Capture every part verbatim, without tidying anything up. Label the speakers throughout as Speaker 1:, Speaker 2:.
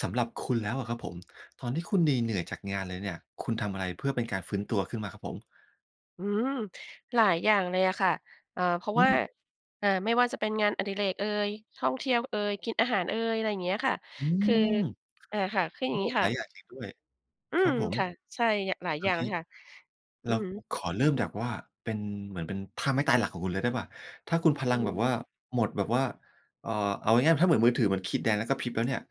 Speaker 1: สำหรับคุณแล้วอะครับผม ตอนที่คุณเหนื่อย ๆ จากงานเลยเนี่ย คุณทำอะไรเพื่อเป็นการฟื้นตัวขึ้นมาครับผม?
Speaker 2: อืม หลายอย่างเลยอะค่ะ เอ่อ เพราะ
Speaker 1: อื
Speaker 2: ว่า
Speaker 1: ม
Speaker 2: อ่า ไม่ว่าจะเป็นงานอดิเรกเอย ท่องเที่ยวเอย กินอาหารเอย อะไรอย่างเงี้ยค่ะ
Speaker 1: อื
Speaker 2: คือ
Speaker 1: ม
Speaker 2: อ่า ค่ะ คือ
Speaker 1: โ
Speaker 2: อ
Speaker 1: อ
Speaker 2: ย่
Speaker 1: ้
Speaker 2: างงี้
Speaker 1: ห
Speaker 2: ค
Speaker 1: ล
Speaker 2: ่
Speaker 1: าย
Speaker 2: ะ
Speaker 1: อย่างจริงด้วย
Speaker 2: อื
Speaker 1: ครั
Speaker 2: ม
Speaker 1: บผม
Speaker 2: ค่ะ ใช่ หลาย
Speaker 1: โอ
Speaker 2: อย่า
Speaker 1: เ
Speaker 2: ง
Speaker 1: ค
Speaker 2: เลยค่ะ อ
Speaker 1: เ
Speaker 2: ื
Speaker 1: รา
Speaker 2: อฮึ
Speaker 1: ขอเริ่มจากว่า เป็นเหมือน เป็นท่าไม่ตายหลักของคุณเลยได้เปล่า ถ้าคุณพล
Speaker 2: อื
Speaker 1: ั
Speaker 2: อ
Speaker 1: ง
Speaker 2: ฮ
Speaker 1: แบ
Speaker 2: ึ
Speaker 1: บว่าหมด แบบว่า เอ่อ เอาง่าย ๆ ถ้าเหมือนมือถือ เหมือนขีดแดงแล้วกระพริบแล้วเนี่ย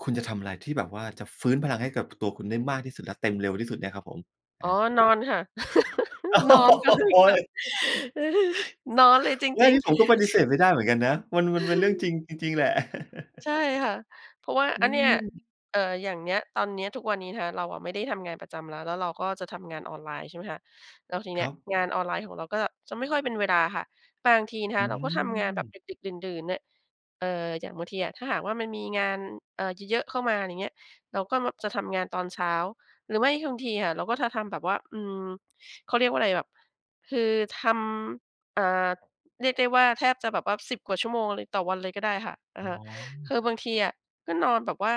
Speaker 1: คุณจะทำอะไรที่แบบว่าจะฟื้นพลังให้กับ ท ตัวคุณได้มากที่สุด และเต็มเร็วที่สุดเนี่ยครับผม? อ
Speaker 2: อ๋อ
Speaker 1: า
Speaker 2: นอนค่ะ
Speaker 1: โอ้
Speaker 2: นอนเล
Speaker 1: โ
Speaker 2: ย
Speaker 1: ฮ
Speaker 2: ค่ะ นอนเลยจ
Speaker 1: ไม่
Speaker 2: ริ
Speaker 1: น
Speaker 2: ง
Speaker 1: ี่ผมก็
Speaker 2: ๆ
Speaker 1: ปฏิเสธไม่ได้เหมือนกันนะ มัน มันเป็นเรื่องจริงจริง ๆ แหละ
Speaker 2: ใช่ค่ะ เพราะว่า
Speaker 1: อื
Speaker 2: อันเนี่ย
Speaker 1: ม
Speaker 2: เอ่อ อย่างเนี้ย ตอนนี้ ทุกวันนี้นะคะ เราอะไม่ได้ทำงานประจำแล้ว แล้วเราก็จะทำงานออนไลน์ ใช่ไหมคะ แล้วทีน
Speaker 1: ค
Speaker 2: ี้
Speaker 1: รับ
Speaker 2: งานออนไลน์ของเราก็จะไม่ค่อยเป็นเวลาค่ะ บางทีนะค
Speaker 1: อื
Speaker 2: ะเราก็ทำงานแบบ
Speaker 1: ม
Speaker 2: ดึก ๆ ดื่น ๆ เนี่ย เอ่อ อย่างบางทีอะถ้าหากว่ามันมีงาน เอ่อ เยอะๆ เข้ามา อย่างเงี้ย เราก็ ม จะทำงานตอนเช้า หรือไม่บางทีค่ะเราก็จะทำแบบว่า อืม เขาเรียกว่าอะไรแบบ คือทำ อ่า เรียกได้ว่าแทบจะแบบว่า สิบ กว่าชั่วโมงเลยต่อวันเลยก็ได้ค่ะ อ
Speaker 1: อ
Speaker 2: ะ
Speaker 1: ๋
Speaker 2: ฮ
Speaker 1: อ
Speaker 2: ะ คือบางทีอะก็นอนแบบว่า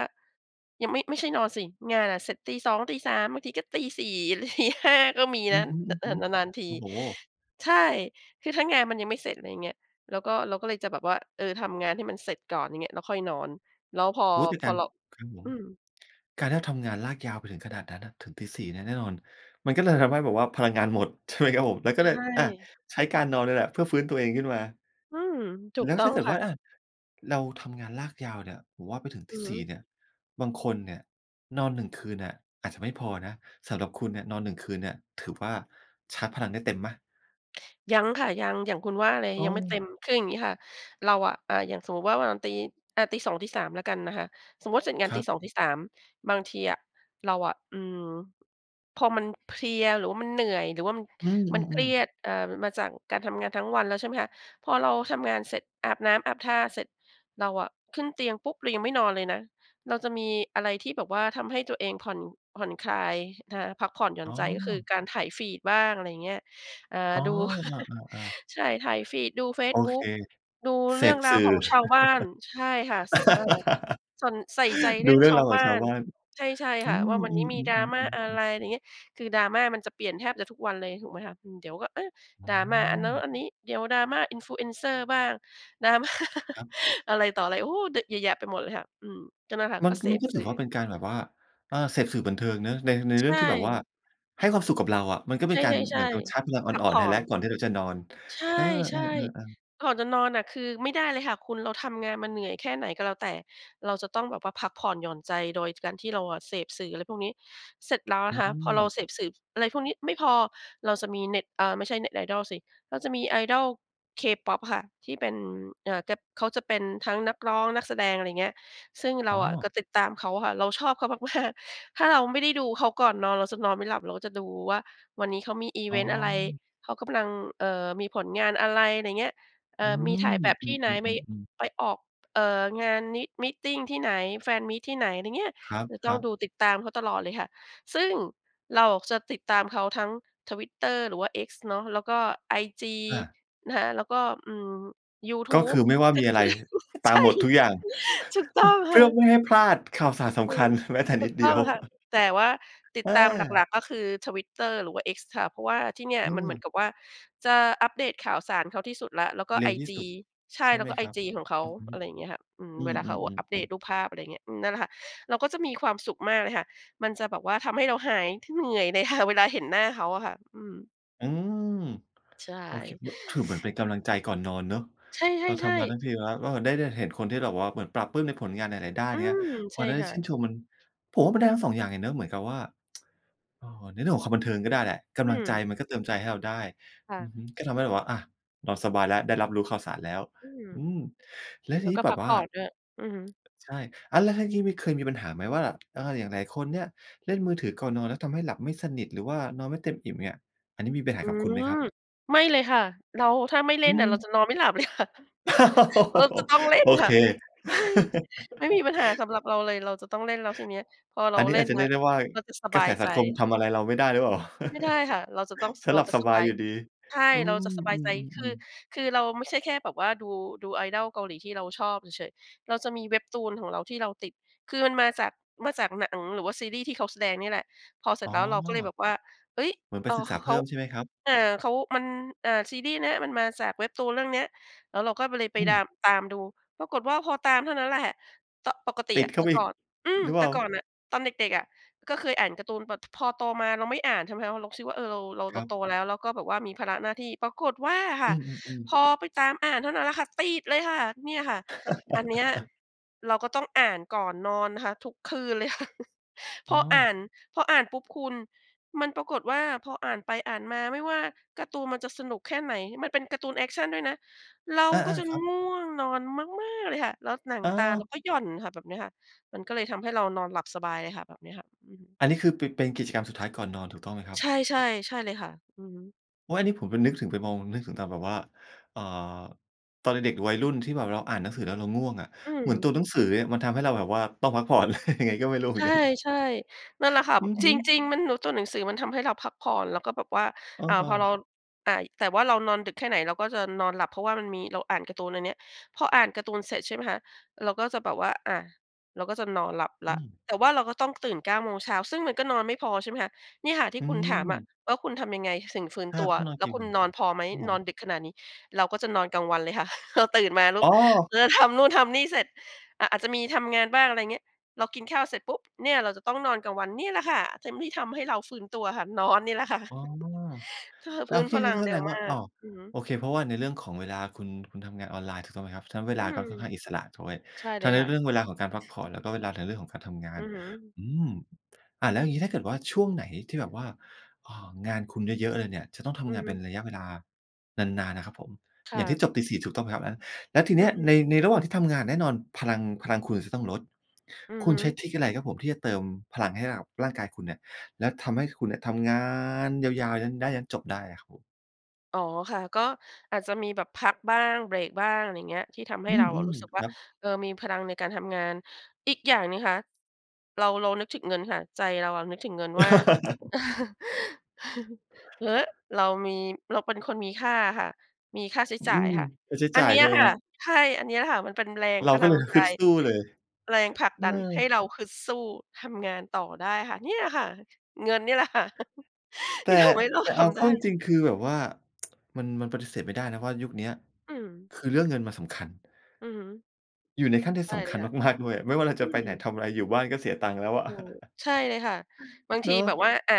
Speaker 2: ยังไม่ ไม่ใช่นอนสิ งานอะเสร็จตี สอง ตี สาม บางทีก็ตี สี่ ตี ห้า ก็มี
Speaker 1: อ
Speaker 2: น
Speaker 1: ื
Speaker 2: ะ
Speaker 1: อฮึ
Speaker 2: น นาน ๆ ท
Speaker 1: ๆ
Speaker 2: ี
Speaker 1: โอ้โฮ
Speaker 2: ใช่ คือถ้างานมันยังไม่เสร็จ อะไรอย่างเงี้ย เราก็ เราก็เลยจะแบบว่า เออ ทำงานให้มันเสร็จก่อน อย่างเงี้ย แล้วค่อยนอน แล้วพอ
Speaker 1: โอ้ ดึก
Speaker 2: พ
Speaker 1: จั
Speaker 2: อ
Speaker 1: ง
Speaker 2: เรา
Speaker 1: ครับผ
Speaker 2: อ
Speaker 1: ม
Speaker 2: ืม
Speaker 1: การที่เราทำงานลากยาวไปถึงขนาดนั้นน่ะ ถึงตี สี่ เนี่ย แน่นอนมันก็เลยทำให้แบบว่าพลังงานหมด ใช่ไหมครับผม แล้วก็
Speaker 2: ใช
Speaker 1: เลย อ่า
Speaker 2: ่
Speaker 1: ใช้การนอนเนี่ยแหละเพื่อฟื้นตัวเองขึ้นมา
Speaker 2: อืม ถู
Speaker 1: แล
Speaker 2: ก
Speaker 1: ้ว
Speaker 2: ต้
Speaker 1: ถ
Speaker 2: อ
Speaker 1: ้า
Speaker 2: ง
Speaker 1: เกิด
Speaker 2: ค่
Speaker 1: ว่
Speaker 2: ะ
Speaker 1: า อา เราทำงานลากยาวเนี่ย ผมว่าไปถึง
Speaker 2: อ
Speaker 1: ต
Speaker 2: ื
Speaker 1: ี
Speaker 2: อฮ
Speaker 1: สี่
Speaker 2: ึ
Speaker 1: เนี่ย บางคนเนี่ยนอน หนึ่ง คืนเนี่ย อาจจะไม่พอนะ สำหรับคุณเนี่ยนอน หนึ่ง คืนเนี่ยถือว่าชาร์จพลังได้เต็มไหม?
Speaker 2: ยังค่ะ ยัง อย่างคุณว่าเลย
Speaker 1: อ๋
Speaker 2: ยังไม่เต
Speaker 1: อ
Speaker 2: ็ม คืออย่างงี้ค่ะ เราอะ อ่า อย่างสมมุติว่าวันตี อา ตี สอง ตี สาม แล้วกันนะคะ สมมุติเสร็จงา
Speaker 1: ค
Speaker 2: น
Speaker 1: ร
Speaker 2: ต
Speaker 1: ั
Speaker 2: ี
Speaker 1: บ
Speaker 2: สอง ตี สาม บางทีอะเราอะ อืม พอมันเพลีย หรือว่ามันเหนื่อย หรือว่ามัน
Speaker 1: อืม
Speaker 2: ม
Speaker 1: อ
Speaker 2: ันเค
Speaker 1: ื
Speaker 2: ร
Speaker 1: ม
Speaker 2: ี
Speaker 1: ๆ
Speaker 2: ยด อ่า มาจากการทำงานทั้งวันแล้ว ใช่ไหมคะ พอเราทำงานเสร็จ อาบน้ำอาบท่าเสร็จ เราอะขึ้นเตียงปุ๊บ เรายังไม่นอนเลยนะ เราจะมีอะไรที่แบบว่าทำให้ตัวเองผ่อน ผ่อนคลายนะคะ พักผ่อนหย่อ
Speaker 1: อ
Speaker 2: น
Speaker 1: ๋
Speaker 2: ใจ ก็คือ
Speaker 1: อ
Speaker 2: การไถ Feed บ้าง อะไรอย่างเงี้ย อ่า
Speaker 1: อ๋อ
Speaker 2: ดู
Speaker 1: อา ๆ ๆ
Speaker 2: ใช่ ไถ Feed ดูเฟ
Speaker 1: โ
Speaker 2: ซ
Speaker 1: อ
Speaker 2: บุ
Speaker 1: เค
Speaker 2: ๊ก ดู
Speaker 1: เส
Speaker 2: เรื่อ
Speaker 1: พ
Speaker 2: งร
Speaker 1: ส
Speaker 2: าว
Speaker 1: ื่
Speaker 2: ข
Speaker 1: อ
Speaker 2: องชาวบ้าน ใช่ค่ะ ส เออ ส่วน ใส่ใจเร
Speaker 1: ด
Speaker 2: ื
Speaker 1: ู
Speaker 2: ่อง
Speaker 1: เรื่อ
Speaker 2: ช
Speaker 1: ง
Speaker 2: า
Speaker 1: ร
Speaker 2: ว
Speaker 1: าวข
Speaker 2: บ
Speaker 1: อง
Speaker 2: ้า
Speaker 1: ชาว
Speaker 2: น
Speaker 1: บ้าน
Speaker 2: ใช่ ใช่
Speaker 1: อื
Speaker 2: ค่ะ ว่า
Speaker 1: ม
Speaker 2: วัน
Speaker 1: อื
Speaker 2: นี้มี
Speaker 1: ม
Speaker 2: Drama อะไ
Speaker 1: ๆ
Speaker 2: ร
Speaker 1: ๆ ๆ ๆ
Speaker 2: อย่างเงี้ย คือ Drama มันจะเปลี่ยนแทบจะทุกวันเลยถูกไหมคะ อืม เดี๋ยวก็ อา
Speaker 1: อ๋
Speaker 2: Drama อันนั้น
Speaker 1: อ
Speaker 2: อันนี้ เดี๋ยว Drama influencer บ้าง Drama
Speaker 1: ครับ
Speaker 2: อะไรต่ออะไร โอ้ ด เยอะแยะไปหมดเลยค่ะ อืม ก็นั่นแหละค่ะ
Speaker 1: มั
Speaker 2: ก
Speaker 1: น
Speaker 2: ็เส
Speaker 1: มัน
Speaker 2: พ
Speaker 1: ก็ถ
Speaker 2: ส
Speaker 1: ื
Speaker 2: ื
Speaker 1: อ
Speaker 2: ่
Speaker 1: ว่า
Speaker 2: อ
Speaker 1: เป็นการแบบว่า อ่า เสพสื่อบันเทิงเนาะใน ใน
Speaker 2: ใ
Speaker 1: เร
Speaker 2: ช
Speaker 1: ื่องที่แบบว่า
Speaker 2: ่
Speaker 1: ให้ความสุขกับเราอะ มันก็
Speaker 2: ใ
Speaker 1: เป็นการ
Speaker 2: ช
Speaker 1: เหม
Speaker 2: ่
Speaker 1: ือนโดนชาร์จพ
Speaker 2: ๆ
Speaker 1: ลังอ
Speaker 2: ๆ พัก
Speaker 1: ่อ
Speaker 2: ผ
Speaker 1: น ๆ ใ
Speaker 2: ่
Speaker 1: ห้
Speaker 2: อ
Speaker 1: แล้ว
Speaker 2: น
Speaker 1: ก่อนที่เราจะนอน
Speaker 2: ใช
Speaker 1: เออ
Speaker 2: ่
Speaker 1: ๆ ๆ ๆ
Speaker 2: ๆ ก่อนจะนอนน่ะ คือไม่ได้เลยค่ะคุณ เราทำงานมาเหนื่อยแค่ไหนก็แล้วแต่ เราจะต้องแบบว่าพักผ่อนหย่อนใจโดย จ การที่เราเสพสื่ออะไรพวกนี้ เสร็จแล้วน
Speaker 1: อื
Speaker 2: ะคะ พอเรา
Speaker 1: ม
Speaker 2: เสพสื่ออะไรพวกนี้ไม่พอ เราจะมีเน็ต เออ ไม่ใช่ เน็ต idol สิ เราจะมี Idol K-Pop อะค่ะ ที่เป็น อ่า แก๊บ เขาจะเป็นทั้งนักร้อง นักแสดง อะไรอย่างเงี้ย ซึ่งเร
Speaker 1: อ
Speaker 2: า
Speaker 1: ๋อ
Speaker 2: อะก็ติดตามเขาอะค่ะ เราชอบเขา มาก ๆ ถ้าเราไม่ได้ดูเขาก่อนนอนเราจะนอนไม่หลับ เราก็จะดูว่าวันนี้เขามีอิ
Speaker 1: อ
Speaker 2: เ
Speaker 1: ๋
Speaker 2: วนต์อะไร
Speaker 1: อ
Speaker 2: เขากำลัง เอ่อ มีผลงานอะไร อะไรอย่างเงี้ย เอ
Speaker 1: อ
Speaker 2: ่
Speaker 1: ื
Speaker 2: อ มีถ่
Speaker 1: ม
Speaker 2: ายแบบ
Speaker 1: อื
Speaker 2: ที่ไหน ไป
Speaker 1: ม ๆ ๆ ๆ
Speaker 2: ไปออก เอ่อ งานนิ มีตติงที่ไหน fan meet ที่ไหน อะไรเงี้ย
Speaker 1: ครับ
Speaker 2: จะ
Speaker 1: ค
Speaker 2: ต้
Speaker 1: ร
Speaker 2: อ
Speaker 1: ั
Speaker 2: งด
Speaker 1: บ
Speaker 2: ูติดตามเขาตลอดเลยค่ะ ซึ่งเราจะติดตามเขาทั้ง Twitter หรือว่า X เนาะ แล้วก็ไอจี
Speaker 1: อา
Speaker 2: นะคะ แล้วก็ อืม ยูท
Speaker 1: ก็
Speaker 2: ู
Speaker 1: ค
Speaker 2: บ
Speaker 1: ือไม่ว่า
Speaker 2: ก
Speaker 1: มีอะ
Speaker 2: ช
Speaker 1: ไร ต
Speaker 2: ใช
Speaker 1: าม
Speaker 2: ่
Speaker 1: หมดทุกอย่าง
Speaker 2: ถูกต
Speaker 1: พ
Speaker 2: ้อง
Speaker 1: เพ
Speaker 2: ค
Speaker 1: ื
Speaker 2: ่
Speaker 1: ่อ
Speaker 2: ะ
Speaker 1: ไม่ให้พลาดข่าวสารส
Speaker 2: อื
Speaker 1: ำคั
Speaker 2: ม
Speaker 1: ญแม้แต่
Speaker 2: ถ
Speaker 1: น
Speaker 2: ู
Speaker 1: ิ
Speaker 2: ก
Speaker 1: ดเ
Speaker 2: ต
Speaker 1: ด
Speaker 2: ้
Speaker 1: ี
Speaker 2: อ
Speaker 1: ย
Speaker 2: ง
Speaker 1: ว
Speaker 2: ค่ะ แต่ว่าติด
Speaker 1: เ
Speaker 2: ตามหล
Speaker 1: ออ
Speaker 2: ัก ๆ ก็คือ Twitter หรือว่า X ค่ะ เพราะว่าที่เนี่ย
Speaker 1: อื
Speaker 2: มันเหมื
Speaker 1: ม
Speaker 2: อนกับว่าจะอัปเดตข่าวสารเขาที่สุดแล้ว แล้วก็
Speaker 1: เร
Speaker 2: ไ
Speaker 1: ็
Speaker 2: อ
Speaker 1: วที่
Speaker 2: จ
Speaker 1: ส
Speaker 2: ี
Speaker 1: ุด
Speaker 2: ใช่
Speaker 1: ใช่
Speaker 2: แล
Speaker 1: ไ
Speaker 2: ้ว
Speaker 1: หม
Speaker 2: ก็ไอ
Speaker 1: ครับ?
Speaker 2: จีของเขา
Speaker 1: อือฮึ
Speaker 2: อะไรอย่างเงี้ยค่ะ อืม
Speaker 1: อื
Speaker 2: เวลาเขาอะอัปเด
Speaker 1: อ
Speaker 2: ต
Speaker 1: ๆ ๆ ๆ
Speaker 2: รูปภาพ อะไรอย่างเงี้ย อืม นั่นแหละค่ะ เราก็จะมีความสุขมากเลยค่ะ มันจะแบบว่าทำให้เราหาย ท เหนื่อยเลยค่ะ เวลาเห็นหน้าเขาอะค่ะ อืม
Speaker 1: อืม
Speaker 2: ใช่
Speaker 1: โอเค ม ถือ เหมือนเป็นกำลังใจก่อนนอนเนาะ
Speaker 2: ใ
Speaker 1: เรา
Speaker 2: ช
Speaker 1: ท
Speaker 2: ่
Speaker 1: ำมา
Speaker 2: ๆ
Speaker 1: ท
Speaker 2: ๆ
Speaker 1: ั้งทีแล้วเราได้ ได้เห็นคนที่แบบว่า เหมือนปลาบปลื้มในผลงานหลาย ๆ ด้าน
Speaker 2: อื
Speaker 1: เงี้ย
Speaker 2: ม
Speaker 1: พ
Speaker 2: ใช
Speaker 1: อ
Speaker 2: ่
Speaker 1: ได้
Speaker 2: ค่
Speaker 1: ชื
Speaker 2: ะ
Speaker 1: ่นชมมัน ผมว่ามันได้ทั้ง สอง อย่างเลยเนาะ เหมือนกับว่า อา ในเรื่องของความบันเทิงก็ได้แหละ ก
Speaker 2: อื
Speaker 1: ำลังใจ
Speaker 2: ม
Speaker 1: มันก็เติมใจให้เราได้
Speaker 2: ค่
Speaker 1: อือ
Speaker 2: ะ
Speaker 1: ฮึ ก็ทำให้แบบว่า อา นอนสบายแล้ว ได้รับรู้ข่าวสารแล้ว
Speaker 2: อืม
Speaker 1: อืม แล้ว
Speaker 2: แ
Speaker 1: ท
Speaker 2: ล
Speaker 1: ี
Speaker 2: ้ว
Speaker 1: นี
Speaker 2: ก
Speaker 1: ้
Speaker 2: ็
Speaker 1: แบ
Speaker 2: พั
Speaker 1: บ
Speaker 2: ก
Speaker 1: ว
Speaker 2: ผ
Speaker 1: ่า
Speaker 2: ่อนด้วย อือฮึ
Speaker 1: ใช่ อ้าว แล้วทั้งชีวิตเคยมีปัญหาไหม ว่าแบบ อา อย่างหลายคนเนี่ยเล่นมือถือก่อนนอน แล้วทำให้หลับไม่สนิท หรือว่านอนไม่เต็มอิ่มเนี่ย อันนี้มีปัญห
Speaker 2: อ
Speaker 1: า
Speaker 2: ื
Speaker 1: กับคุณไหมค
Speaker 2: ม
Speaker 1: รับ?
Speaker 2: ไม่เลยค่ะ เรา ถ้าไม่เล
Speaker 1: อื
Speaker 2: ่นน่ะ เรา
Speaker 1: ม
Speaker 2: จะนอนไม่หลับ เลยค่ะ เราจะต้องเล่น
Speaker 1: โอ
Speaker 2: ค
Speaker 1: เ
Speaker 2: ่
Speaker 1: ค
Speaker 2: ะ ไม่ ไม่มีปัญหาสำหรับเราเลย เราจะต้องเล่น แล้วทีนี้พอเร
Speaker 1: อ
Speaker 2: า
Speaker 1: ันนี้
Speaker 2: เล่
Speaker 1: อาจ
Speaker 2: น
Speaker 1: จะเร
Speaker 2: น
Speaker 1: ี
Speaker 2: ะ
Speaker 1: ยกได้ว่า
Speaker 2: เราจะส
Speaker 1: ก
Speaker 2: บ
Speaker 1: ระ
Speaker 2: า
Speaker 1: แส
Speaker 2: ย
Speaker 1: ส
Speaker 2: ใ
Speaker 1: ั
Speaker 2: จ
Speaker 1: งคมทำอะไรเราไม่ได้หรือเปล่า
Speaker 2: ไม่ได้ค่ะ เราจะต้อง ส
Speaker 1: "ฉัน
Speaker 2: เร
Speaker 1: หล
Speaker 2: า
Speaker 1: ับ
Speaker 2: จะ
Speaker 1: ส
Speaker 2: ส
Speaker 1: บ
Speaker 2: บ
Speaker 1: าย
Speaker 2: า
Speaker 1: อ
Speaker 2: ย
Speaker 1: ยู่ดี"
Speaker 2: ใช่
Speaker 1: อื
Speaker 2: เราจะ
Speaker 1: ม
Speaker 2: สบา
Speaker 1: อื
Speaker 2: ยใจ คื
Speaker 1: ม
Speaker 2: อ
Speaker 1: ๆ ๆ
Speaker 2: คือเราไม่ใช่แค่แบบว่า ดู ดู Idol เกาหลีที่เราชอบเฉย ๆ เราจะมี Webtoon ของเราที่เราติด คือมันมาจาก มาจากหนัง หรือว่าซีรีส์ที่เขาแสดงนี่แหละ พอเสร
Speaker 1: อ
Speaker 2: ็
Speaker 1: ๋
Speaker 2: จ
Speaker 1: อ
Speaker 2: แล้วเราก็เลยแบบว่า เฮ้ย
Speaker 1: เหมือนไ
Speaker 2: เ
Speaker 1: ป
Speaker 2: ออ
Speaker 1: ศึก
Speaker 2: ข
Speaker 1: ษาเ
Speaker 2: เ
Speaker 1: พ
Speaker 2: ข
Speaker 1: ิ
Speaker 2: า
Speaker 1: ่มใช่ไหมครับ?
Speaker 2: อ่า เขา มัน อ่า ซีรีส์เนี้ย มันมาจาก Webtoon เรื่องเนี้ย แล้วเราก็เลยไป
Speaker 1: อื
Speaker 2: ด
Speaker 1: ม
Speaker 2: าม ตามดู ปรากฏว่าพอตามเท่านั้นแหละ ห ต ปกต
Speaker 1: ต
Speaker 2: ิ
Speaker 1: ิ
Speaker 2: อ
Speaker 1: ด
Speaker 2: ะ
Speaker 1: เข้
Speaker 2: แ
Speaker 1: า
Speaker 2: ต
Speaker 1: ไ
Speaker 2: ่
Speaker 1: ปอี
Speaker 2: ก
Speaker 1: ก
Speaker 2: ่อน อืม
Speaker 1: หรือเป
Speaker 2: แต
Speaker 1: ล่
Speaker 2: ่
Speaker 1: า?
Speaker 2: ก่อนน่ะ ตอนเด็ก ๆ อะ ก็เคยอ่านการ์ตูน แต่ ต พอโตมาเราไม่อ่าน ใช่ไหมคะ เราคิดว่า เออ เรา เรา
Speaker 1: ค
Speaker 2: เร
Speaker 1: ร
Speaker 2: า
Speaker 1: ั
Speaker 2: โต
Speaker 1: บ
Speaker 2: แล้ว แล้วก็แบบว่ามีภาระหน้าที่ ปรากฏว่าค
Speaker 1: อ
Speaker 2: ่
Speaker 1: ื
Speaker 2: ะ
Speaker 1: อ
Speaker 2: พ
Speaker 1: ๆ ๆ
Speaker 2: อไปตามอ่านเท่านั้นแหละค่ะ ติดเลยค่ะ เนี่ยค่ะ อันเนี้ยเราก็ต้องอ่านก่อนนอนนะคะ ทุกคืน เลยค่ะ พ
Speaker 1: อ๋
Speaker 2: ออ่
Speaker 1: อ
Speaker 2: าน พออ่านปุ๊บคุณ มันปรากฏว่า พออ่านไป อ่านมา ไม่ว่าการ์ตูนมันจะสนุกแค่ไหน มันเป็นการ์ตูนแอกชันด้วยนะ เรา
Speaker 1: อา
Speaker 2: ก็จะ
Speaker 1: ๆ ครับ
Speaker 2: ง่วงนอนมาก ๆ เลยค่ะ แล้วหนัง
Speaker 1: อ
Speaker 2: ตาเรา
Speaker 1: า
Speaker 2: ก็หย่อนค่ะ แบบเนี้ยค่ะ มันก็เลยทำให้เรานอนหลับสบายเลยค่ะ แบบเนี้ยค่ะ อือฮึ
Speaker 1: อันนี้ คือ ป เป็นกิจกรรมสุดท้ายก่อนนอน ถูกต้องไหมครั
Speaker 2: ใ
Speaker 1: บ?
Speaker 2: ช่ ๆ ใช่เลยค่ะ อือฮึ
Speaker 1: โอ้ย อันนี้ผมไปนึกถึงไปมอง นึกถึงตามแบบว่า เอ่อ ตอนเด็ก ๆ วัยรุ่นที่แบบเราอ่านหนังสือแล้วเราง่วงอะ
Speaker 2: อื
Speaker 1: เหมือนต
Speaker 2: ม
Speaker 1: ัวหนังสือเนี่ยมันทำให้เราแบบว่าต้องพักผ่อน เลย ยังไงก็ไม่รู้เหม
Speaker 2: ใ
Speaker 1: ือน กัน
Speaker 2: ช่ ๆ นั่นแหละค่ะ
Speaker 1: อือฮ
Speaker 2: จ
Speaker 1: ึ
Speaker 2: ริง ๆ มันเนาะ ตัวหนังสือมันทำให้เราพักผ่อนแล้วก็แบบว่า
Speaker 1: เ
Speaker 2: อ่า พอเร
Speaker 1: ออ
Speaker 2: า อ่า แต่ว่าเรานอนดึกแค่ไหนเราก็จะนอนหลับ เพราะว่ามันมี เราอ่านการ์ตูนอันเนี้ย พออ่านการ์ตูนเสร็จ ใช่ไหมคะ เราก็จะแบบว่า อะ เราก็จะนอนหลับ
Speaker 1: อ
Speaker 2: แล
Speaker 1: ื
Speaker 2: ้ว
Speaker 1: ม
Speaker 2: แต่ว่าเราก็ต้องตื่น เก้า โมงเช้า ซึ่งมันก็นอนไม่พอ ใช่ไหมคะ เนี่ยค่ะที
Speaker 1: อ
Speaker 2: ่
Speaker 1: ื
Speaker 2: คุณถามอะ
Speaker 1: ม
Speaker 2: ว่า คุณทำยังไงถึงฟื้น
Speaker 1: อา
Speaker 2: ตัว
Speaker 1: ถ้านอน
Speaker 2: แ
Speaker 1: เ
Speaker 2: ล
Speaker 1: ก
Speaker 2: ้ว
Speaker 1: ่ง
Speaker 2: คุณนอนพอไหม
Speaker 1: ครับผ
Speaker 2: นอ
Speaker 1: ม
Speaker 2: นดึกขนาดนี้ เราก็จะนอนกลางวันเลยค่ะ เราตื่นมา ลุ
Speaker 1: อ
Speaker 2: ก
Speaker 1: ๋อ
Speaker 2: เราจะทำนู่นทำนี่เสร็จ อ่า อาจจะมีทำงานบ้าง อะไรอย่างเงี้ย เรากินข้าวเสร็จปุ๊บ เนี่ยเราจะต้องนอนกลางวันนี่แหละค่ะ เต็มที่ทำให้เราฟื้นตัวค่ะ นอนนี่แหละค่ะ
Speaker 1: อ๋อ
Speaker 2: เออ
Speaker 1: แล
Speaker 2: ฟ
Speaker 1: ้
Speaker 2: ื้
Speaker 1: ว
Speaker 2: น
Speaker 1: พี
Speaker 2: พ
Speaker 1: ่น
Speaker 2: ล
Speaker 1: ี่
Speaker 2: ัง
Speaker 1: ก็แ
Speaker 2: เ
Speaker 1: ส
Speaker 2: ร็
Speaker 1: ด
Speaker 2: ว
Speaker 1: งว
Speaker 2: ม
Speaker 1: ่า
Speaker 2: า
Speaker 1: อ่
Speaker 2: ก
Speaker 1: อ
Speaker 2: อือฮึ
Speaker 1: โอเค เพราะว่าในเรื่องของเวลาคุณ คุณทำงานออนไลน์ ถูกต้องไหมครับ ฉะนั้นเว
Speaker 2: อื
Speaker 1: ลา
Speaker 2: ม
Speaker 1: ก็ค่อนข้างอิสระ ถูกไหม
Speaker 2: ใช่เ
Speaker 1: ท
Speaker 2: ล
Speaker 1: ั้
Speaker 2: ย
Speaker 1: งใน
Speaker 2: ค่
Speaker 1: เรื
Speaker 2: ะ
Speaker 1: ่องเวลาของการพักผ่อน แล้วก็เวลาในเรื่องของการทำงา
Speaker 2: อื
Speaker 1: น
Speaker 2: อฮึ
Speaker 1: อืม อ่า แล้วอย่างงี้ถ้าเกิดว่าช่วงไหนที่แบบว่า อ่า งานคุณเยอะ ๆ เลยเนี่ย จะต้องท
Speaker 2: อื
Speaker 1: ำง
Speaker 2: อ
Speaker 1: าน
Speaker 2: ฮ
Speaker 1: เ
Speaker 2: ึ
Speaker 1: ป็นระยะเวลานาน ๆ นะครับผม
Speaker 2: ค
Speaker 1: อ
Speaker 2: ่
Speaker 1: ย่างที
Speaker 2: ะ
Speaker 1: ่จบตี สี่ ถูกต้องไหมครับ? แล้วที
Speaker 2: อ
Speaker 1: นี้
Speaker 2: ื
Speaker 1: ใน
Speaker 2: อ ๆ
Speaker 1: ในระหว่างที่ทำงาน แน่นอนพลัง พลังคุณจะต้องลด
Speaker 2: อือ
Speaker 1: คุ
Speaker 2: ฮ
Speaker 1: ณ
Speaker 2: ึ
Speaker 1: ใช้ทริกอะไรครับผมจะเติมพลังให้กับร่างกายคุณเนี่ย แล้วทำให้คุณเนี่ยทำงานยาว ๆ ยันได้ยันจบได้อะครับผม?
Speaker 2: อ๋อค่ะ ก็อาจจะมีแบบพักบ้าง เบรกบ้าง อะไรอย่างเงี้ย ที่ทำให
Speaker 1: อ
Speaker 2: ้
Speaker 1: ื
Speaker 2: เราอะรู
Speaker 1: ม
Speaker 2: ้สึกว
Speaker 1: ๆ
Speaker 2: ่
Speaker 1: ค
Speaker 2: า
Speaker 1: รับ
Speaker 2: เออ มีพลังในการทำงาน อีกอย่างนี่คะ เรา เรานึกถึงเงินค่ะ ใจเราอะนึกถึงเงินว่า ฮ เรามี เราเป็นคนมีค่าค่ะ มีค่าใช้
Speaker 1: อื
Speaker 2: จ่าย
Speaker 1: ม
Speaker 2: ค่ะ
Speaker 1: ค่าใช้
Speaker 2: อ
Speaker 1: จ
Speaker 2: ั
Speaker 1: ่
Speaker 2: น
Speaker 1: าย
Speaker 2: เนี้
Speaker 1: ใช
Speaker 2: ย
Speaker 1: ่ไหม
Speaker 2: ค่
Speaker 1: ค
Speaker 2: ะ
Speaker 1: รับ?
Speaker 2: ใช่ อันเนี้ยค่ะ มันเป็นแรง
Speaker 1: เรา
Speaker 2: พ
Speaker 1: ก
Speaker 2: ล
Speaker 1: ็
Speaker 2: ั
Speaker 1: เล
Speaker 2: ง
Speaker 1: ย
Speaker 2: ใ
Speaker 1: ฮ
Speaker 2: จ
Speaker 1: ึดสู้เลย
Speaker 2: แรงผลัก
Speaker 1: เอ
Speaker 2: ดันให้
Speaker 1: อ
Speaker 2: เราฮึดสู้ทำงานต่อได้ค่ะ เนี่ยค่ะ เงินเนี่ยแหละค่ะ
Speaker 1: แต
Speaker 2: ที
Speaker 1: ่
Speaker 2: ่ทำให้เรา
Speaker 1: แต่
Speaker 2: ท
Speaker 1: เอา
Speaker 2: ำ
Speaker 1: เ
Speaker 2: ไ
Speaker 1: ข
Speaker 2: ด
Speaker 1: ้าจ
Speaker 2: ้
Speaker 1: ริง ๆ คือแบบว่า มัน มันปฏิเสธไม่ได้นะว่ายุคเนี้ย
Speaker 2: อืม
Speaker 1: คือเรื่องเงินมันสำคัญ
Speaker 2: อือฮึ
Speaker 1: อยู่ในขั้นที่
Speaker 2: ใช่
Speaker 1: ส
Speaker 2: เ
Speaker 1: ำ
Speaker 2: ล
Speaker 1: คั
Speaker 2: ย
Speaker 1: ญ
Speaker 2: ค่ะ
Speaker 1: มาก ๆ ด้วย ไม่ว่าเรา
Speaker 2: อื
Speaker 1: จะไปไหน
Speaker 2: ม
Speaker 1: ทำอะไร อยู่บ้านก็เสียตังค์แล้วอะ
Speaker 2: อืม ใช่เลยค่ะ บางท
Speaker 1: เน
Speaker 2: ี
Speaker 1: า
Speaker 2: แบบ
Speaker 1: ะ
Speaker 2: ว่า อ่า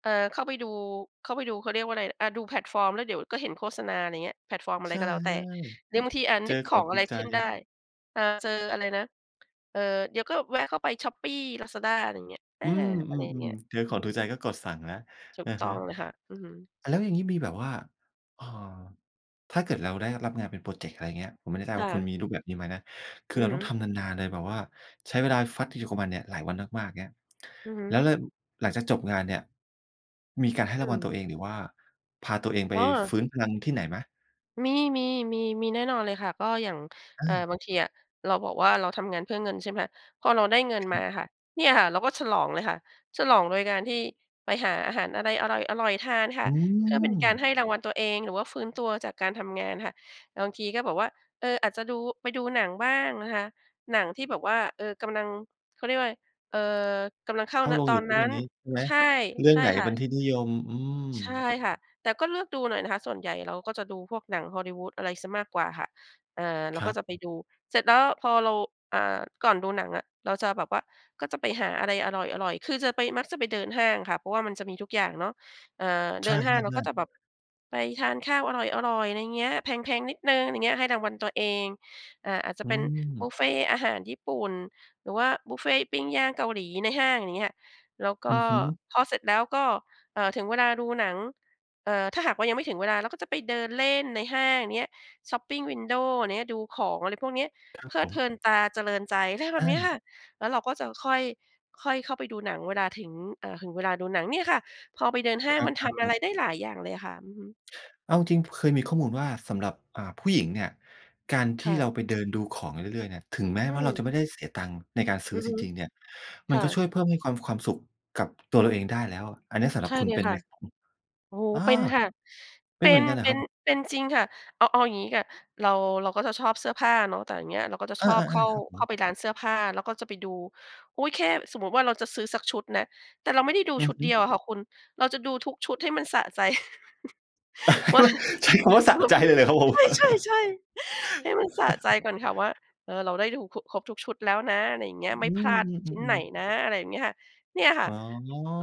Speaker 2: เออ เข้าไปดู เข้าไปดู เขาเรียกว่าอะไร อา ดูแพลตฟอร์มแล้วเดี๋ยวก็เห็นโฆษณา อะไรอย่างเงี้ย แพลตฟอร์มอะไ
Speaker 1: ใช
Speaker 2: ร
Speaker 1: ่
Speaker 2: ก็แล้วแต่ เด
Speaker 1: ๆ
Speaker 2: ี๋ยวบางที อา
Speaker 1: เจ
Speaker 2: นึ
Speaker 1: อ
Speaker 2: กข
Speaker 1: ขอ
Speaker 2: อ
Speaker 1: ง
Speaker 2: ง
Speaker 1: ถ
Speaker 2: อ
Speaker 1: ู
Speaker 2: ะไร
Speaker 1: กใ
Speaker 2: ขึ้นได้
Speaker 1: จ
Speaker 2: อ่า เจออะไรนะ เออ เดี๋ยวก็แวะเข้าไป shopee Lazada อะไรอย่างเงี้ย อ
Speaker 1: อ
Speaker 2: า
Speaker 1: ืม
Speaker 2: อ
Speaker 1: อื
Speaker 2: ะไรอย่างเง
Speaker 1: ม
Speaker 2: ี้ย
Speaker 1: ๆ เจอ
Speaker 2: อ
Speaker 1: ข
Speaker 2: ื
Speaker 1: องถูก
Speaker 2: ม
Speaker 1: ใจก็กดสั่งแล้ว
Speaker 2: ถู
Speaker 1: อ
Speaker 2: ก
Speaker 1: ะ
Speaker 2: ต้
Speaker 1: ฮ
Speaker 2: อ
Speaker 1: ะ
Speaker 2: งเลยค่ะ อือฮึ
Speaker 1: แล้วอย่างนี้มีแบบว่า เอ่อ ถ้าเกิดเราได้รับงานเป็นพรอเจกต์ อะไรอย่างเงี้ย ผมไม่ได้ทรา
Speaker 2: ค
Speaker 1: บว่
Speaker 2: ่
Speaker 1: าคุณ
Speaker 2: ะ
Speaker 1: มีรูปแบบนี้ไหมนะ คื
Speaker 2: อ
Speaker 1: อ
Speaker 2: ื
Speaker 1: เ
Speaker 2: อ
Speaker 1: รา
Speaker 2: ฮ
Speaker 1: ต้อง
Speaker 2: ึ
Speaker 1: ทำนาน ๆ เลยแบบว่าใช้เวลาฟัดอยู่กับมันเนี่ยหลายวันมาก ๆ เงี้ย
Speaker 2: อือฮึ
Speaker 1: แล้ว แล้วหลังจากจบงานเนี่ยมีการให้
Speaker 2: อ
Speaker 1: รางว
Speaker 2: ื
Speaker 1: ัลต
Speaker 2: ม
Speaker 1: ัวเอง หรือว่าพาตัวเองไป
Speaker 2: อ้อ
Speaker 1: ฟื้นพลังที่ไหนไหม?
Speaker 2: มี ๆ ๆ มีแน่นอนเลยค่ะ ก็อย่าง
Speaker 1: อ
Speaker 2: เอ่อ
Speaker 1: า
Speaker 2: บางทีอะ เราบอกว่าเราทำงานเพื่อเงิน ใช่ไหมคะ พอเราได้เงิน
Speaker 1: ค
Speaker 2: ม
Speaker 1: รั
Speaker 2: า
Speaker 1: บ
Speaker 2: ค่ะ เนี่ยค่ะเราก็ฉลองเลยค่ะ ฉลองโดยการที่ไปหาอาหารอะไรอร่อย ๆ ทานค่
Speaker 1: อ
Speaker 2: ะ
Speaker 1: ื
Speaker 2: เพื่อเป็นการ
Speaker 1: ม
Speaker 2: ให้รางวัลตัวเอง หรือว่าฟื้นตัวจากการทำงานค่ะ บางทีก็แบบว่า เออ อาจจะดู ไปดูหนังบ้างนะคะ หนังที่แบบว่า เออ กำลัง เขาเรียกว่าอะไร เอ่อ กำลังเข้า
Speaker 1: เข้า
Speaker 2: ณ
Speaker 1: โร
Speaker 2: ต
Speaker 1: ง
Speaker 2: อ
Speaker 1: อยู่
Speaker 2: น
Speaker 1: ทุ
Speaker 2: นั
Speaker 1: ก
Speaker 2: ้
Speaker 1: วั
Speaker 2: น
Speaker 1: นนี้ ใช่ไหม?
Speaker 2: ใช่
Speaker 1: เรื่
Speaker 2: ใ
Speaker 1: อ
Speaker 2: ช
Speaker 1: ง
Speaker 2: ่
Speaker 1: ไหน
Speaker 2: ค
Speaker 1: เ
Speaker 2: ่
Speaker 1: ป็น
Speaker 2: ะ
Speaker 1: ที่นิยม อืม
Speaker 2: ใช่ค่ะ แต่ก็เลือกดูหน่อยนะคะ ส่วนใหญ่เราก็จะดูพวกหนัง Hollywood อะไรเสียมากกว่าค่ะ อ่า เรา
Speaker 1: คร
Speaker 2: ก็
Speaker 1: ับ
Speaker 2: จะไปดู เสร็จแล้วพอเรา อ่า ก่อนดูหนังอะเราจะแบบว่าก็ไปหาอะไรอร่อย ๆ คือจะไป มักจะไปเดินห้างค่ะ เพราะว่ามันจะมีทุกอย่างเนาะ อา เ
Speaker 1: ใช
Speaker 2: ดินห้างเราก็
Speaker 1: ่
Speaker 2: จ
Speaker 1: ๆ ๆ
Speaker 2: ะแบบไปทานข้าวอร่อย ๆ อะไรอย่างเงี้ย แพง ๆ นิดหนึ่ง อะไรอย่างเงี้ย ให้รางวัลตัวเอง อ่า อาจจะ
Speaker 1: อื
Speaker 2: เป็นบุ
Speaker 1: ม
Speaker 2: ฟเฟต์อาหารญี่ปุ่น หรือว่าบุฟเฟต์ปิ้งย่างเกาหลีในห้าง อย่างเงี้ยค่ะ แล้วก
Speaker 1: อ
Speaker 2: ็
Speaker 1: ือฮึ
Speaker 2: พอเสร็จแล้วก็ เอ่อ ถึงเวลาดูหนัง เอ่อ ถ้าหากว่ายังไม่ถึงเวลาเราก็จะไปเดินเล่นในห้างเนี้ย shopping window เนี้ย ดูของ อะไรพวกเนี้ย
Speaker 1: ครั
Speaker 2: เ
Speaker 1: บ
Speaker 2: พลิ
Speaker 1: ผ
Speaker 2: ดเพ
Speaker 1: ม
Speaker 2: ลินตา เจริญใจ ไรแบ
Speaker 1: อ
Speaker 2: บเนี้ยค
Speaker 1: า
Speaker 2: ่ะ แล้วเราก็จะค่อย ค่อยเข้าไปดูหนังเวลาถึง อ่า ถึงเวลาดูหนังเนี่ยค่ะ พอไปเดินห้า
Speaker 1: ค
Speaker 2: งมันท
Speaker 1: รับ
Speaker 2: ำอะไร
Speaker 1: ๆ ๆ
Speaker 2: ได้หลายอย่างเลยค่ะ อือฮึ
Speaker 1: เอาจริง เคยมีข้อมูลว่าสำหรับ อ่า ผู้หญิงเนี่ย การท
Speaker 2: ค
Speaker 1: ี
Speaker 2: ่
Speaker 1: ่เรา
Speaker 2: ะ
Speaker 1: ไปเดินดูของเรื่อย ๆ เนี่ย ถึงแม้
Speaker 2: อื
Speaker 1: ว่าเรา
Speaker 2: ม
Speaker 1: จะไม่ได้เสียตังค์ในการซื
Speaker 2: อ
Speaker 1: ้
Speaker 2: ื
Speaker 1: อ
Speaker 2: อ
Speaker 1: จ
Speaker 2: ฮึ
Speaker 1: ริง ๆ เนี่ย
Speaker 2: ค
Speaker 1: มัน
Speaker 2: ่
Speaker 1: ก็ช
Speaker 2: ะ
Speaker 1: ่วยเพิ่มให้ความ ความสุขกับตัวเราเองได้แล้ว อันเนี้ยสำหร
Speaker 2: ใช
Speaker 1: ับ
Speaker 2: ่
Speaker 1: คุ
Speaker 2: เ
Speaker 1: ณ
Speaker 2: ล
Speaker 1: เ
Speaker 2: ย
Speaker 1: ป็น
Speaker 2: ค
Speaker 1: ไ
Speaker 2: ่
Speaker 1: หม
Speaker 2: ะ
Speaker 1: ครับ?
Speaker 2: โอ้โฮ
Speaker 1: อา
Speaker 2: เป็นค่ะ
Speaker 1: เป็
Speaker 2: เป
Speaker 1: น
Speaker 2: ็
Speaker 1: เหมื
Speaker 2: น
Speaker 1: อนกันเหรอ
Speaker 2: เป็
Speaker 1: ครั
Speaker 2: น
Speaker 1: บ?
Speaker 2: เป็นจริงค่ะ เอา เอาอย่างงี้ค่ะ เรา เราก็จะชอบเสื้อผ้าเนาะ แต่อย่างเงี้ยเราก็จะ
Speaker 1: อ
Speaker 2: ช
Speaker 1: า
Speaker 2: อบเข้า
Speaker 1: ๆ ๆ ครับผ
Speaker 2: เข้า
Speaker 1: ม
Speaker 2: ไปร้านเสื้อผ้า แล้วก็จะไปดู อุ๊ย แค่สมมติว่าเราจะซื้อสักชุดนะ แต่เราไม่ได้ดู
Speaker 1: อื
Speaker 2: ช
Speaker 1: อ
Speaker 2: ุด
Speaker 1: ฮึ
Speaker 2: เดียวอะค่ะคุณ เราจะดูทุกชุดให้มันสะใจ ว่าง
Speaker 1: ใช้คำว่าสะ
Speaker 2: เดี๋ย
Speaker 1: ใ
Speaker 2: ว
Speaker 1: จ
Speaker 2: มัน
Speaker 1: เลยเหรอครับผม?
Speaker 2: ใช่ ๆ ๆ ให้มันสะใจก่อนค่ะ ว่า เออ เราได้ดู คุ ครบทุกชุดแล้วนะ อะไรอย่างเงี้
Speaker 1: อื
Speaker 2: ย ไม่พลาด
Speaker 1: อ ๆ
Speaker 2: ชิ้น
Speaker 1: ๆ อื
Speaker 2: ไหน
Speaker 1: ม
Speaker 2: นะ อะไรอย่างเงี้ยค่ะ เนี่ยค่ะ
Speaker 1: อ๋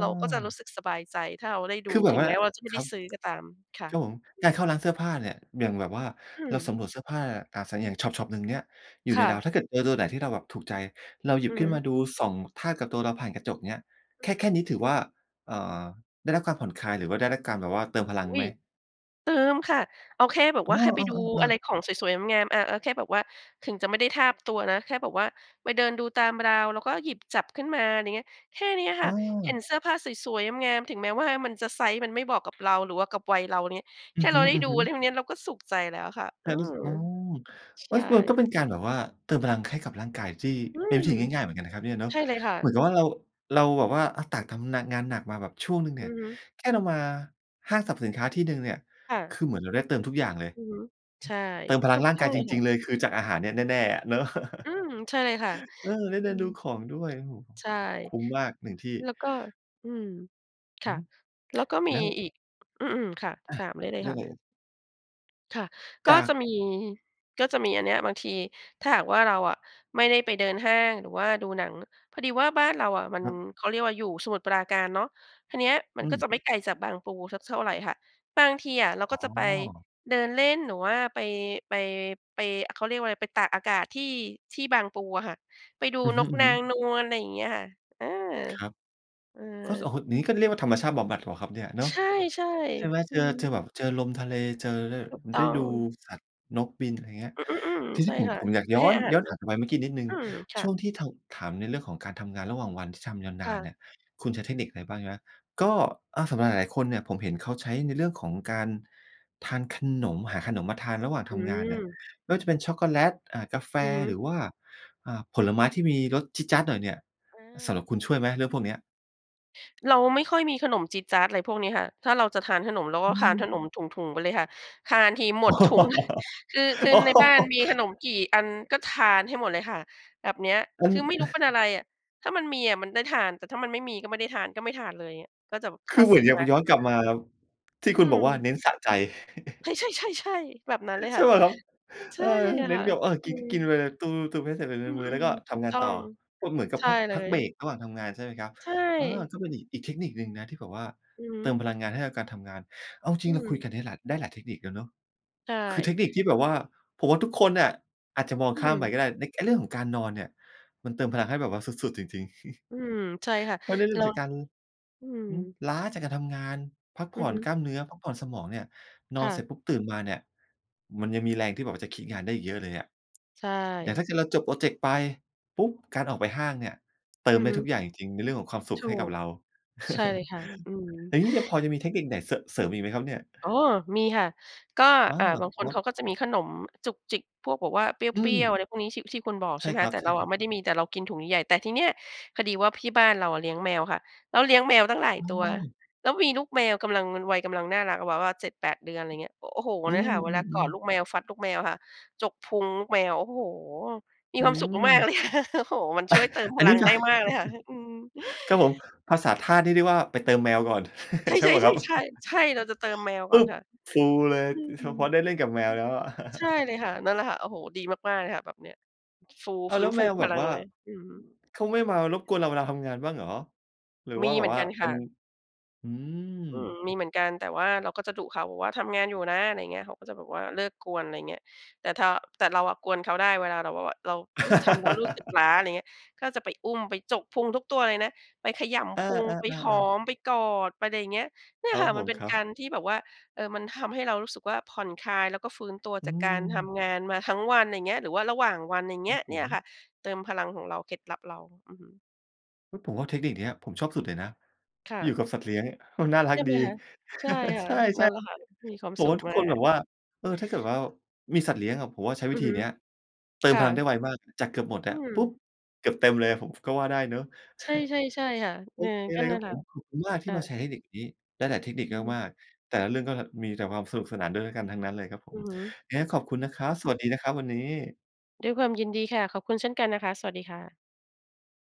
Speaker 2: เราก็จะรู้สึกสบายใจถ้าเราได้ด
Speaker 1: ค
Speaker 2: ู
Speaker 1: ือแบ
Speaker 2: ถ
Speaker 1: บ
Speaker 2: ึง
Speaker 1: ว่า
Speaker 2: แม้ว่าเราจะไม่
Speaker 1: ค
Speaker 2: ไ
Speaker 1: ร
Speaker 2: ด้
Speaker 1: ับ
Speaker 2: ซื้อก็ตามค่
Speaker 1: ครับผม
Speaker 2: ะ
Speaker 1: การเข้าร้านเสื้อผ้าเนี่ย อย่างแบบว่า
Speaker 2: อื
Speaker 1: เรา
Speaker 2: ม
Speaker 1: สำรวจเสื้อผ้า ตาใส อย่างชอป ๆ หนึ่งเนี่ย อยู่
Speaker 2: ค
Speaker 1: ใน
Speaker 2: ่
Speaker 1: รา
Speaker 2: ะ
Speaker 1: ว ถ้าเกิด เออ ตัวไหนที่เราแบบถูกใจ เราหยิ
Speaker 2: อ
Speaker 1: บ
Speaker 2: ือ
Speaker 1: ขึ
Speaker 2: ฮ
Speaker 1: ้นม
Speaker 2: ึ
Speaker 1: าดู ส่อง ทาบ กับตัวเราผ่านกระจกเนี้ย
Speaker 2: อ
Speaker 1: แค
Speaker 2: ือ
Speaker 1: ่
Speaker 2: ฮึ
Speaker 1: แค่นี้ถือว่า อ่า ได้รับการผ่อนคลาย หรือว่าได้รับการแบบว่าเติมพลั
Speaker 2: อ
Speaker 1: ง
Speaker 2: ุ๊
Speaker 1: ไห
Speaker 2: ย
Speaker 1: ม?
Speaker 2: เติมค่ะ เอาแค่แบบ
Speaker 1: เ
Speaker 2: ว
Speaker 1: อ
Speaker 2: ่าแค่
Speaker 1: อ
Speaker 2: ไ
Speaker 1: เ
Speaker 2: ปดู
Speaker 1: ออ
Speaker 2: อะ
Speaker 1: ๆ
Speaker 2: ไร
Speaker 1: ๆ
Speaker 2: ของสวย ๆ งาม ๆ อา เอาแค่แบบว่าถึงจะไม่ได้ทาบตัวนะ แค่แบบว่าไปเดินดูตามราว แล้วก็หยิบจับขึ้นมา อะไรอย่างเงี้ย แค่นี้ค่
Speaker 1: อ
Speaker 2: ะ เห็
Speaker 1: า
Speaker 2: นเสื้อผ้าสวย ๆ งาม ๆ ถึงแม้ว่ามันจะไซซ์มันไม่บอกกับเรา หรือว่ากับวัยเรานิ
Speaker 1: อ
Speaker 2: แค
Speaker 1: ื
Speaker 2: ่
Speaker 1: อ
Speaker 2: เ
Speaker 1: ฮ
Speaker 2: ราได้ดู
Speaker 1: ึ
Speaker 2: เ
Speaker 1: ๆ
Speaker 2: ท่าเนี้ยเราก็สุขใจแล้วค่ะ
Speaker 1: แค
Speaker 2: อื
Speaker 1: ่รู้ส
Speaker 2: ม
Speaker 1: ึก อ๋อ
Speaker 2: ใ
Speaker 1: เ
Speaker 2: ช
Speaker 1: ฮ้ย มันก็
Speaker 2: ่
Speaker 1: เป็นการแบบว่าเติมกำลังให้กับร่างกายที่
Speaker 2: อื
Speaker 1: เป็นวิ
Speaker 2: ม
Speaker 1: ธีง่าย ๆ เหมือนกันนะครับเนี่ยเนาะ
Speaker 2: ใช่เลยค่
Speaker 1: เหมือน
Speaker 2: ะ
Speaker 1: กับว่าเรา เราแบบว่า อา ต่างทำ น งานหนักมาแบบช่วงหนึ่งเน
Speaker 2: อ
Speaker 1: ี
Speaker 2: ื
Speaker 1: ่ย
Speaker 2: อฮึ
Speaker 1: แค่เรามาห้างสรรพสินค้าที่หนึ่งเนี่ย
Speaker 2: ค่
Speaker 1: ค
Speaker 2: ะ
Speaker 1: ือเหมือนเราได้เติมทุกอย่างเลย
Speaker 2: อือฮึ ใช่
Speaker 1: เติมพ
Speaker 2: ถ
Speaker 1: ลั
Speaker 2: ู
Speaker 1: ง
Speaker 2: ก
Speaker 1: ร่าง
Speaker 2: ต้
Speaker 1: ก
Speaker 2: อง
Speaker 1: าย
Speaker 2: เล
Speaker 1: จ
Speaker 2: ยค
Speaker 1: ร
Speaker 2: ่
Speaker 1: ิ
Speaker 2: ะ
Speaker 1: ง ๆ เลยคือจากอาหารเนี่ยแน่ ๆ อะเนาะ
Speaker 2: อืม ใช่เลยค่ะ
Speaker 1: เออ ได้เด
Speaker 2: อื
Speaker 1: ินด
Speaker 2: ม
Speaker 1: ูของด้วย โอ้โฮ
Speaker 2: ใช่
Speaker 1: คุ้มมากหนึ่งที่
Speaker 2: แล้วก็ อืม ค
Speaker 1: อ
Speaker 2: ่
Speaker 1: ื้
Speaker 2: ะ
Speaker 1: อฮื
Speaker 2: แล้วก็ม
Speaker 1: อ
Speaker 2: ี
Speaker 1: แล้ว
Speaker 2: อีก อือ ๆ ค่ะ
Speaker 1: อา
Speaker 2: สาม ได้เลย
Speaker 1: ได้
Speaker 2: ค่
Speaker 1: เ
Speaker 2: ะ
Speaker 1: ลย
Speaker 2: ค่ะ ก
Speaker 1: จ
Speaker 2: ็
Speaker 1: า
Speaker 2: จะ
Speaker 1: ก
Speaker 2: มี ก็จะมีอันเนี้ย บางทีถ้าหากว่า เราอะไม่ได้ไปเดินห้างหรือว่าดูหนัง พอดีว่าบ้านเราอะมัน
Speaker 1: ครับ
Speaker 2: เขาเรียกว่าอยู่สมุทรปราการเนาะ ทาเนี้ย มั
Speaker 1: อ
Speaker 2: น
Speaker 1: ื
Speaker 2: ก็จ
Speaker 1: ม
Speaker 2: ะไม่ไกลจากบางปูสักเท่าไรค่ะ บางทีอะเรา
Speaker 1: อ
Speaker 2: ก
Speaker 1: ๋
Speaker 2: ็จะไป
Speaker 1: อ
Speaker 2: เดินเล่น หรือว่าไป ไป ไป เขาเรียกว่าไร ไปตากอากาศที่ ที่บางปูอะค่ะ ไปดู
Speaker 1: อือ
Speaker 2: น
Speaker 1: ฮ
Speaker 2: กนา
Speaker 1: ึ ๆ
Speaker 2: งนวล ไรอย่างเงี้ยค่ะ เออ
Speaker 1: ครับ
Speaker 2: เอ
Speaker 1: ก๊อด โอ
Speaker 2: อ
Speaker 1: ้โฮ นี้ก็เรียกว่าธรรมชาติบำบัดเปล่าครับเนี่ยเนา
Speaker 2: ใ
Speaker 1: ะ
Speaker 2: ช่
Speaker 1: ใช่ไหม
Speaker 2: ๆ อ
Speaker 1: เ
Speaker 2: ื
Speaker 1: จอ เจอ
Speaker 2: ม
Speaker 1: แบบ เจอลมทะเล เจอได้
Speaker 2: ถูกต
Speaker 1: ไ
Speaker 2: ้
Speaker 1: ด
Speaker 2: อ
Speaker 1: ้ดู
Speaker 2: ง
Speaker 1: สัตว์ นกบิน อะไรเงี้ย
Speaker 2: อือ ๆ อืม
Speaker 1: ที
Speaker 2: ใช
Speaker 1: นี
Speaker 2: ่
Speaker 1: ้ผม
Speaker 2: ค่ะ
Speaker 1: ผมอยาก
Speaker 2: ไป
Speaker 1: ย้
Speaker 2: ให
Speaker 1: อ
Speaker 2: ้
Speaker 1: น
Speaker 2: อาหา
Speaker 1: ย
Speaker 2: ร
Speaker 1: ้อน
Speaker 2: น
Speaker 1: กลับ
Speaker 2: ก
Speaker 1: ไปเมื่อกี้นิดหนึ่ง
Speaker 2: อืม ค่
Speaker 1: ช่ว
Speaker 2: ะ
Speaker 1: งที่เทา ถามในเรื่องของการทำงานระหว่างวันที่ทำยาวน
Speaker 2: ค่
Speaker 1: าน
Speaker 2: ะ
Speaker 1: เนี่ย คุณใช้เทคนิคอะไรบ้าง ใช่ไหม ก็ อา สำหรับหลาย ๆ คนเนี่ย ผมเห็นเขาใช้ในเรื่องของการทานขนม หาขนมมาทานระหว่าง
Speaker 2: อ
Speaker 1: ท
Speaker 2: ื
Speaker 1: ำงานเนี่ย
Speaker 2: ม
Speaker 1: ไม่ว่าจะเป็นช็อกโกแลต อ่า กาแฟ
Speaker 2: อือฮ
Speaker 1: หร
Speaker 2: ึ
Speaker 1: ือว่า อ่า ผลไม้ที่มีรสจี๊ดจ๊าดหน่อยเนี่ย สำหรับ
Speaker 2: อา
Speaker 1: คุณช่วยไหมเรื่องพวกเนี้ย?
Speaker 2: เราไม่ค่อยมีขนมจี๊ดจ๊าด อะไรพวกนี้ค่ะ ถ้าเราจะทานขนมเราก
Speaker 1: อ
Speaker 2: ็
Speaker 1: ื
Speaker 2: คานข
Speaker 1: ม
Speaker 2: นมถุง ๆ ไปเลยค่ะ ทานทีหมดถุง คือ คือในบ้านมีขนมกี่อันก็ทานให้หมดเลยค่ะ แบบเนี้ย
Speaker 1: อั
Speaker 2: ค
Speaker 1: น
Speaker 2: ือไม่รู้เป็นอะไรอะ? ถ้ามันมีอะมันได้ทาน แต่ถ้ามันไม่มีก็ไม่ได้ทาน ก็ไม่ทานเลย เงี้ย ก็จะแบบ
Speaker 1: ค
Speaker 2: ถ้
Speaker 1: ื
Speaker 2: า
Speaker 1: อเหม
Speaker 2: ซ
Speaker 1: ื
Speaker 2: ื
Speaker 1: อ
Speaker 2: ้
Speaker 1: น ห
Speaker 2: อ
Speaker 1: รือยั
Speaker 2: ไว
Speaker 1: ง
Speaker 2: ้
Speaker 1: มา ย้
Speaker 2: ก็
Speaker 1: อน
Speaker 2: จะ
Speaker 1: กลั
Speaker 2: ท
Speaker 1: บ
Speaker 2: า
Speaker 1: ม
Speaker 2: น
Speaker 1: าครับ ที่
Speaker 2: อื
Speaker 1: คุณบอกว่า
Speaker 2: ม
Speaker 1: "เน้นสะใจ"
Speaker 2: เฮ้ย ใช่ ๆ ๆ แบบนั้นเลย
Speaker 1: ใช
Speaker 2: ค่
Speaker 1: ่
Speaker 2: ะ
Speaker 1: เปล่าครับ?
Speaker 2: ใช
Speaker 1: เอ
Speaker 2: ่
Speaker 1: อ เน
Speaker 2: ค
Speaker 1: ้น
Speaker 2: ่ะ
Speaker 1: กับ อา ก
Speaker 2: อื
Speaker 1: ิน กิน
Speaker 2: ม
Speaker 1: เลย ตู้ม ๆ ๆ ให้เสร็จเป็น
Speaker 2: อื
Speaker 1: มื้อ ๆ แล้ว
Speaker 2: ม
Speaker 1: ก็
Speaker 2: ๆ ถ
Speaker 1: ท
Speaker 2: ูก
Speaker 1: ำงา
Speaker 2: ต
Speaker 1: น
Speaker 2: ้อ
Speaker 1: ต่อ
Speaker 2: ง
Speaker 1: ก็เหมือนกั
Speaker 2: ใ
Speaker 1: บ
Speaker 2: ช่
Speaker 1: พัก
Speaker 2: เล
Speaker 1: พัก
Speaker 2: ย
Speaker 1: เบรกระหว่างทำงาน ใช่ไหมครับ
Speaker 2: ใช
Speaker 1: อา
Speaker 2: ่
Speaker 1: ก็เป็นอีก อีกเทคนิคหนึ่งนะ ที่แบบว่า
Speaker 2: อือฮ
Speaker 1: เติม
Speaker 2: ึ
Speaker 1: พลังงานให้กับการทำงาน เอาจร
Speaker 2: อ
Speaker 1: ิ
Speaker 2: ื
Speaker 1: ง ๆ เราคุ
Speaker 2: ม
Speaker 1: ยกันได้หลาย ได้หลายเทคนิคแล้วเนาะ
Speaker 2: ใช
Speaker 1: คือเท
Speaker 2: ่
Speaker 1: คนิคที่แบบว่า ผมว่าทุกคนน่ะอาจจะมอง
Speaker 2: อื
Speaker 1: ข้ามไป
Speaker 2: ม
Speaker 1: ก็ได้ ใน ไอ้เรื่องของการนอนเนี่ย มันเติมพลังให้แบบว่าสุด ๆ จริง ๆ
Speaker 2: อืม ใช่ค่ะ
Speaker 1: เพราะได้เริ
Speaker 2: เ
Speaker 1: ่
Speaker 2: ร
Speaker 1: ม
Speaker 2: า
Speaker 1: จากการ
Speaker 2: อืม
Speaker 1: อือ ล้าจากการทำงาน พัก
Speaker 2: อ
Speaker 1: ผ
Speaker 2: ื
Speaker 1: ่
Speaker 2: อ
Speaker 1: อ
Speaker 2: ฮ
Speaker 1: น
Speaker 2: ึ
Speaker 1: กล้ามเนื้อ พักผ่อนสมองเนี่ย น
Speaker 2: ค
Speaker 1: อ
Speaker 2: ่
Speaker 1: นเสร็จ
Speaker 2: ะ
Speaker 1: ปุ๊บ ตื่นมาเนี่ย มันยังมีแรงที่แบบว่าจะคิดงานได้อีกเยอะเลยอะ
Speaker 2: ใช
Speaker 1: อย่าง
Speaker 2: ่
Speaker 1: ถ้าเกิดเราจบพรอเจกต์ไปปุ๊บ การออกไปห้างเนี่ย เติ
Speaker 2: อื
Speaker 1: ม
Speaker 2: อ
Speaker 1: ได้
Speaker 2: ฮ
Speaker 1: ทุ
Speaker 2: ึ
Speaker 1: กอย่างจริง ๆ ในเรื่องของความสุ
Speaker 2: ถ
Speaker 1: ข
Speaker 2: ู
Speaker 1: ให้กับ
Speaker 2: ก
Speaker 1: เรา
Speaker 2: ใช่เลยค่ะ อืม
Speaker 1: อย่างนี้จะพอจะมีเทคนิคไหนเสอะ เสริมอีกไหมครับเนี่ย?
Speaker 2: อ๋อ มีค่ะ ก็
Speaker 1: อ้า
Speaker 2: อ่า
Speaker 1: ว เหรอ
Speaker 2: บาง
Speaker 1: ค
Speaker 2: คน
Speaker 1: รั
Speaker 2: เข
Speaker 1: บ?
Speaker 2: าก็จะมีขนมจุกจิกพวกบอกว่าเปร
Speaker 1: อ
Speaker 2: ี้ย
Speaker 1: ืม
Speaker 2: ว ๆ อะไรพวกนี้ที่ ที่คุณบอก
Speaker 1: ใช
Speaker 2: ใช่
Speaker 1: ่
Speaker 2: ไหม
Speaker 1: ค
Speaker 2: ค
Speaker 1: ร
Speaker 2: ะ แต่เราอะ
Speaker 1: ับ ๆ
Speaker 2: ไม่ได้มี แต่เรากินถุงใหญ่ ๆ แต่ทีเนี้ย พอดีว่าที่บ้านเราอะเลี้ยงแมวค่ะ แล้วเลี้ยงแมวตั้งหล
Speaker 1: อ๋
Speaker 2: ายตัว
Speaker 1: อ
Speaker 2: แล้วมีลูกแมวกำลัง เป็นวัยกำลังน่ารักอะ แบบว่า เจ็ดแปด เดือน ไรเงี้ย อ โอ้โฮ
Speaker 1: อื
Speaker 2: เนี่ย
Speaker 1: ม
Speaker 2: ค่ะ เว
Speaker 1: อื
Speaker 2: ลากอ
Speaker 1: อ
Speaker 2: ดล
Speaker 1: ๆ
Speaker 2: ูกแมวฟัดลูกแมวค่ะ จกพุงลูกแมว โอ้โฮ! มี
Speaker 1: อื
Speaker 2: ความสุขมาก ๆ เ
Speaker 1: ม
Speaker 2: ลยค่ะ โอ้โฮ มันช่วยเติมพ
Speaker 1: อัน
Speaker 2: ล
Speaker 1: นี
Speaker 2: ั
Speaker 1: ้
Speaker 2: ง
Speaker 1: ดี
Speaker 2: ไ
Speaker 1: ก
Speaker 2: ด
Speaker 1: ว่
Speaker 2: ้
Speaker 1: า
Speaker 2: มากเลยค่ะ ฮ อืม
Speaker 1: ครับผม ภาษาทาสนี่เรียกว่า ไปเติมแมวก่อน
Speaker 2: ใ
Speaker 1: ใช่เปล่าครับ?
Speaker 2: ช่ ๆ ๆ ๆ ใช่ เราจะเติมแมว
Speaker 1: ป
Speaker 2: ก่อ
Speaker 1: ุ๊
Speaker 2: น
Speaker 1: บ
Speaker 2: ค่ะ
Speaker 1: ฟูเลย
Speaker 2: อืม
Speaker 1: อือ
Speaker 2: อ
Speaker 1: ค
Speaker 2: ื
Speaker 1: ือ
Speaker 2: อ
Speaker 1: พอได้เล่นกับแมวแล้วอะ
Speaker 2: ใช่เลยค่ะ นั่นแหละค่ะ โอ้โฮ ดีมาก ๆ เลยค่ะ แบบเนี้ย ฟู
Speaker 1: อ้า
Speaker 2: ฟ
Speaker 1: ว
Speaker 2: ื
Speaker 1: แ
Speaker 2: ้
Speaker 1: ล้
Speaker 2: น
Speaker 1: ว
Speaker 2: ฟ
Speaker 1: แ
Speaker 2: ู
Speaker 1: มวแ
Speaker 2: พ
Speaker 1: บ
Speaker 2: ล
Speaker 1: บ
Speaker 2: ัง
Speaker 1: ว่า
Speaker 2: เลย อือฮึ
Speaker 1: เขาไม่มารบกวนเราเวลาทำงานบ้างเหรอ? หรือ
Speaker 2: ม
Speaker 1: ว่
Speaker 2: ี
Speaker 1: าแบ
Speaker 2: เหม
Speaker 1: บ
Speaker 2: ือน
Speaker 1: ว่
Speaker 2: ก
Speaker 1: า
Speaker 2: ัน
Speaker 1: เ
Speaker 2: ค
Speaker 1: ป็
Speaker 2: ่
Speaker 1: น
Speaker 2: ะ
Speaker 1: อืม
Speaker 2: อืม มีเหมือนกัน แต่ว่าเราก็จะดุเขา บอกว่า "ทำงานอยู่นะ" อะไรเงี้ย เขาก็จะแบบว่าเลิกกวน ไรเงี้ย แต่ทา แต่เราอะกวนเขาได้เวลาเราแบบว่าแหวะ เรา เฮ้ย ทำแล้วรู้สึกล้า อะไรเงี้ย ก็จะไปอุ้มไปจกพุงทุกตัวเลยนะ ไปขย
Speaker 1: อ
Speaker 2: ำ
Speaker 1: า
Speaker 2: พุง ไปหอ
Speaker 1: ๆ ๆ ๆ
Speaker 2: ม ไปกอด ไปไรอย่างเงี้ย เนี
Speaker 1: ค
Speaker 2: ่ย
Speaker 1: รั
Speaker 2: ค
Speaker 1: บ
Speaker 2: ่ะ
Speaker 1: ผ
Speaker 2: มัน
Speaker 1: ม
Speaker 2: เป็น
Speaker 1: ครั
Speaker 2: ก
Speaker 1: บ
Speaker 2: ารที่แบบว่า เออ มันทำให้เรารู้สึกว่าผ่อนคลาย แล้วก็ฟื้นตัว
Speaker 1: อื
Speaker 2: จากการท
Speaker 1: ม
Speaker 2: ำงานมาทั้งวัน ไรเงี้ย หรือว่าระหว่างวัน ไรเ
Speaker 1: ค
Speaker 2: ง
Speaker 1: ร
Speaker 2: ี
Speaker 1: ั
Speaker 2: ้
Speaker 1: บ
Speaker 2: ย
Speaker 1: ผ
Speaker 2: เนี่ยค
Speaker 1: ม
Speaker 2: ่ะ เติมพลังของเรา เคล็ดลับเรา อือฮึ
Speaker 1: เฮ้ย ผมว่าเทคนิคเนี้ย ผมชอบสุดเลยนะ
Speaker 2: ค่
Speaker 1: อยู่
Speaker 2: ะ
Speaker 1: กับสัตว์เลี้ยงมันน่าร
Speaker 2: ใ
Speaker 1: ั
Speaker 2: ช
Speaker 1: ก
Speaker 2: ่ไห
Speaker 1: ด
Speaker 2: ม
Speaker 1: ี
Speaker 2: คะ? ใช่ค่
Speaker 1: ใ
Speaker 2: ะ
Speaker 1: ช
Speaker 2: นั
Speaker 1: ่
Speaker 2: ่นแหละค่ะ มีความ
Speaker 1: ๆ ผ
Speaker 2: ส
Speaker 1: ม
Speaker 2: ุ
Speaker 1: ว่
Speaker 2: ข
Speaker 1: าทุ
Speaker 2: ม
Speaker 1: ก
Speaker 2: า
Speaker 1: คนแบ
Speaker 2: ก
Speaker 1: บว่า เออ ถ้าเกิดว่ามีสัตว์เลี้ยงอะ ผมว่าใช้
Speaker 2: อ
Speaker 1: ว
Speaker 2: ื
Speaker 1: ิ
Speaker 2: อ
Speaker 1: ธี
Speaker 2: ฮึ
Speaker 1: เนี้ย เติ
Speaker 2: ค
Speaker 1: ม
Speaker 2: ่
Speaker 1: พลังได
Speaker 2: ะ
Speaker 1: ้ไวมากจากเกือบหมด
Speaker 2: อ
Speaker 1: อ
Speaker 2: ื
Speaker 1: ะ ปุ๊บ
Speaker 2: ม
Speaker 1: เกือบเต็มเลยอะ ผม ก็ว่าได้เนาะ
Speaker 2: ใช่ ๆ ๆ ค่ะ
Speaker 1: โ
Speaker 2: อ
Speaker 1: อ
Speaker 2: ือ
Speaker 1: เค
Speaker 2: ก็
Speaker 1: เลย
Speaker 2: น
Speaker 1: ค
Speaker 2: ั่
Speaker 1: รั
Speaker 2: น
Speaker 1: บ
Speaker 2: แหล
Speaker 1: ผ
Speaker 2: ะค
Speaker 1: ม
Speaker 2: ่ะ
Speaker 1: ขอบคุณมากท
Speaker 2: ค
Speaker 1: ี่
Speaker 2: ่
Speaker 1: มาแช
Speaker 2: ะ
Speaker 1: ร์เทคนิคนี้ ได้หลายเทคนิค
Speaker 2: อือฮึ
Speaker 1: มาก ๆ แต่ละเรื่องก็ ห มีแต่ความสนุกสนานด้วย ด้วยกันทั้งนั้นเลยครับผ
Speaker 2: อื
Speaker 1: ม
Speaker 2: อฮึ
Speaker 1: ไงก็ขอบคุณนะครับ สวัสดีนะครับวันนี้
Speaker 2: ด้วยความยินดีค่ะ ขอบคุณเช่นกันนะคะ สวัสดีค่ะ